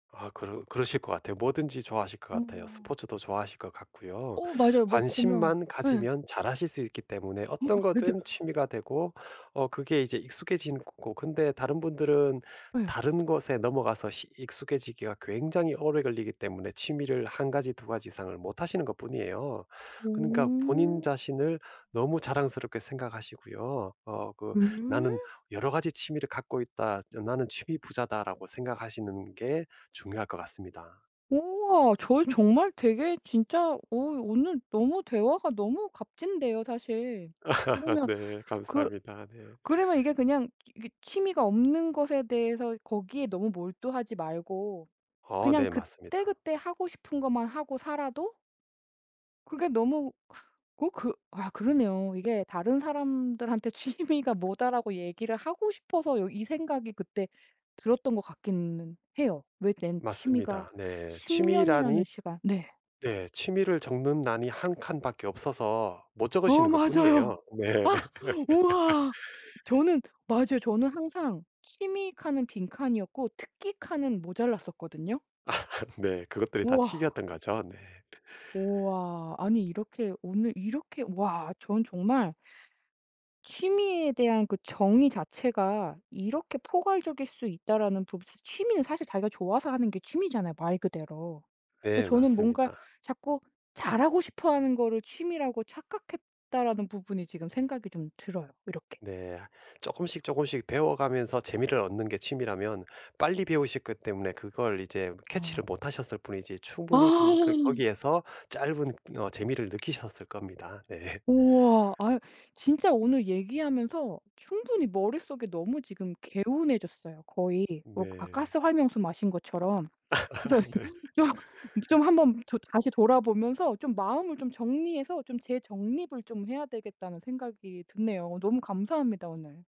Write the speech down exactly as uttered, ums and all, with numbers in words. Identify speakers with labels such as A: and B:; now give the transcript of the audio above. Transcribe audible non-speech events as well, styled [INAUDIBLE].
A: 아 그러 그러실 것 같아요. 뭐든지 좋아하실 것 같아요.
B: 어.
A: 스포츠도 좋아하실 것 같고요.
B: 어 맞아요. 뭐 보면
A: 관심만
B: 예.
A: 가지면 잘하실 수 있기 때문에
B: 어
A: 어떤
B: 맞아요.
A: 거든 취미가 되고 어 그게 이제 익숙해지는 거고 근데 다른 분들은
B: 예.
A: 다른 곳에 넘어가서 시 익숙해지기가 굉장히 오래 걸리기 때문에 취미를 한 가지 두 가지 이상을 못 하시는 것뿐이에요. 그니까 본인
B: 오.
A: 자신을 너무 자랑스럽게 생각하시고요. 어 그 '나는
B: 예?
A: 여러 가지 취미를 갖고 있다. 어 나는 취미 부자다.'라고 생각하시는 게 중요할 것 같습니다.
B: 우와 저 정말 되게 진짜 어 오늘 너무 대화가 너무 값진데요 사실.
A: [LAUGHS]
B: 그러면
A: 네
B: 그
A: 감사합니다. 예.
B: 그러면 이게 그냥 이게 취미가 없는 것에 대해서 거기에 너무 몰두하지 말고
A: 아
B: 그냥
A: 네 맞습니다.
B: 그때그때 하고 싶은 것만 하고 살아도 그게 너무 그 어 그 아 그러네요. 이게 다른 사람들한테 "취미가 뭐다."라고 얘기를 하고 싶어서 여 이 생각이 그때 들었던 것 같기는 해요. 왜 낸 취미가
A: 맞습니다. 네.
B: 십
A: 취미란이
B: 년이라는 시간 네.
A: 네. 취미를 적는 란이 한 칸밖에 없어서 못
B: 어
A: 적으시는 것뿐이에요.
B: 맞아요.
A: 네.
B: 아
A: [LAUGHS]
B: 우와. 저는 맞아요. 저는 항상 취미 칸은 빈칸이었고 특기 칸은 모자랐었거든요.
A: 아 네. 그것들이 다
B: 와.
A: 취미였던 거죠? 네.
B: 우와. 아니 이렇게 오늘 이렇게 와 전 정말 '취미에 대한 그 정의 자체가 이렇게 포괄적일 수 있다.'라는 부 취미는 사실 자기가 좋아서 하는 게 취미잖아요 말 그대로.
A: 네
B: 근데 저는 뭔가
A: 맞습니다.
B: 자꾸 '잘하고 싶어 하는 거를 취미라고 착각했다.'라는 부분이 지금 생각이 좀 들어요 이렇게.
A: 네. 쪼끔씩, 쪼끔씩 배워가면서 재미를 얻는 게 취미라면 빨리 배우셨기 때문에 그걸 이제
B: 아.
A: catch를 못 하셨을 뿐이지 충분히 그 그
B: 아.
A: 거기에서 짧은 어 재미를 느끼셨을 겁니다. 네.
B: 우와. 아 진짜 오늘 얘기하면서 충분히 머릿속이 너무 지금 개운해졌어요. 거의 뭐 아
A: 네.
B: 가스 활명수 마신 것처럼.
A: 아
B: 그래서
A: 네.
B: 좀 좀 한번 더 다시 돌아보면서 좀 마음을 좀 정리해서 좀 재정립을 좀 해야 되겠다는 생각이 드네요. 너무 감사합니다 오늘.